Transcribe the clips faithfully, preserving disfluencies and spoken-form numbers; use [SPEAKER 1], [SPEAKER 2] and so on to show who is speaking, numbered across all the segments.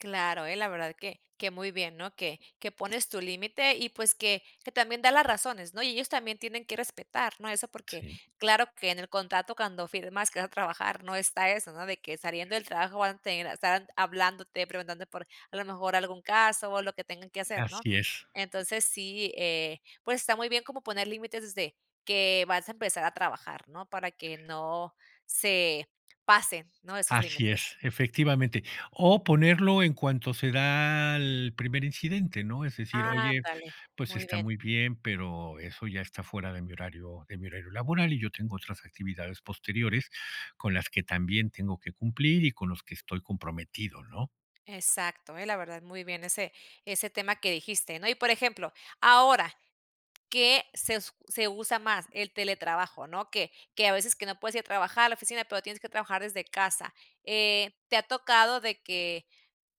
[SPEAKER 1] Claro, ¿eh? La verdad que que muy bien, ¿no? Que que pones tu límite y, pues, que que también da las razones, ¿no? Y ellos también tienen que respetar, ¿no? Eso porque,
[SPEAKER 2] Sí.
[SPEAKER 1] claro que en el contrato cuando firmas, que vas a trabajar, no está eso, ¿no? De que saliendo del trabajo van a tener están hablándote, preguntando por, a lo mejor, algún caso, o lo que tengan que hacer, ¿no?
[SPEAKER 2] Así es.
[SPEAKER 1] Entonces, sí, eh, pues, está muy bien como poner límites desde que vas a empezar a trabajar, ¿no? Para que no se pasen, ¿no? Esos
[SPEAKER 2] Así
[SPEAKER 1] límites.
[SPEAKER 2] es, efectivamente. O ponerlo en cuanto se da el primer incidente, ¿no? Es decir, oye,
[SPEAKER 1] Ándale,
[SPEAKER 2] pues,
[SPEAKER 1] muy
[SPEAKER 2] está
[SPEAKER 1] bien.
[SPEAKER 2] muy bien, pero eso ya está fuera de mi horario de mi horario laboral, y yo tengo otras actividades posteriores, con las que también tengo que cumplir, y con los que estoy comprometido, ¿no?
[SPEAKER 1] Exacto, ¿eh? La verdad muy bien ese ese tema que dijiste, ¿no? Y, por ejemplo, ahora, ¿qué se s se usa más? El teletrabajo, ¿no? Que que a veces que no puedes ir a trabajar a la oficina, pero tienes que trabajar desde casa. Eh, ¿te ha tocado de que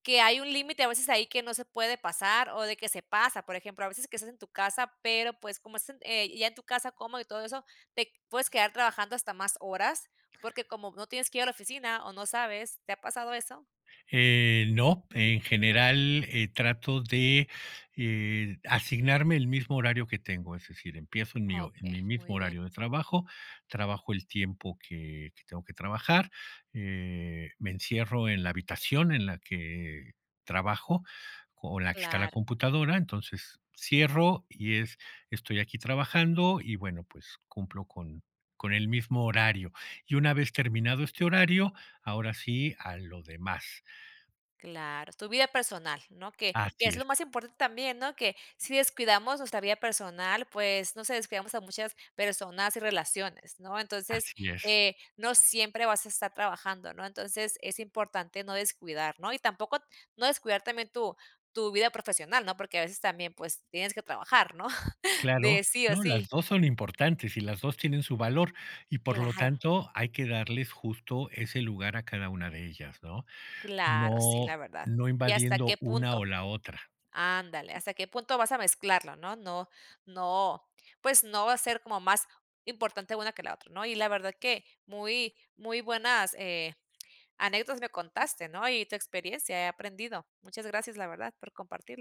[SPEAKER 1] que hay un límite a veces ahí que no se puede pasar, o, de que se pasa? Por ejemplo, a veces que estás en tu casa, pero, pues, como estás eh, ya en tu casa cómodo y todo eso, te puedes quedar trabajando hasta más horas, porque como no tienes que ir a la oficina, o, no sabes, ¿te ha pasado eso?
[SPEAKER 2] Eh, no. En general, eh, trato de, eh, asignarme el mismo horario que tengo. Es decir, empiezo en mi en
[SPEAKER 1] Okey,
[SPEAKER 2] mi
[SPEAKER 1] muy
[SPEAKER 2] mismo
[SPEAKER 1] bien.
[SPEAKER 2] horario de trabajo, trabajo el tiempo que que tengo que trabajar. Eh, me encierro en la habitación en la que trabajo, o, la que está la
[SPEAKER 1] Claro.
[SPEAKER 2] computadora, entonces cierro, y es estoy aquí trabajando y, bueno, pues cumplo con con el mismo horario. Y una vez terminado este horario, ahora sí a lo demás.
[SPEAKER 1] Claro, tu vida personal, ¿no? Que que
[SPEAKER 2] Así
[SPEAKER 1] es lo
[SPEAKER 2] es.
[SPEAKER 1] más importante también, ¿no? Que si descuidamos nuestra vida personal, pues, no sé, descuidamos a muchas personas y relaciones, ¿no? Entonces,
[SPEAKER 2] Así es.
[SPEAKER 1] eh, no siempre vas a estar trabajando, ¿no? Entonces, es importante no descuidar, ¿no? Y tampoco, no descuidar también tu tu vida profesional, ¿no? Porque a veces también, pues, tienes que trabajar, ¿no? De
[SPEAKER 2] Claro,
[SPEAKER 1] sí o
[SPEAKER 2] no, las
[SPEAKER 1] sí.
[SPEAKER 2] dos son importantes, y las dos tienen su valor, y, por lo
[SPEAKER 1] Claro.
[SPEAKER 2] tanto, hay que darles justo ese lugar a cada una de ellas, ¿no?
[SPEAKER 1] Claro, sí, la
[SPEAKER 2] No,
[SPEAKER 1] verdad.
[SPEAKER 2] no
[SPEAKER 1] ¿Y hasta
[SPEAKER 2] invadiendo
[SPEAKER 1] qué
[SPEAKER 2] una, o,
[SPEAKER 1] punto?
[SPEAKER 2] la otra.
[SPEAKER 1] ándale, hasta qué punto vas a mezclarlo, ¿no? No, no, pues, no va a ser como más importante una que la otra, ¿no? Y la verdad que muy, muy buenas, eh, anécdotas me contaste, ¿no? Y tu experiencia he aprendido. Muchas gracias, la verdad, por compartirlo.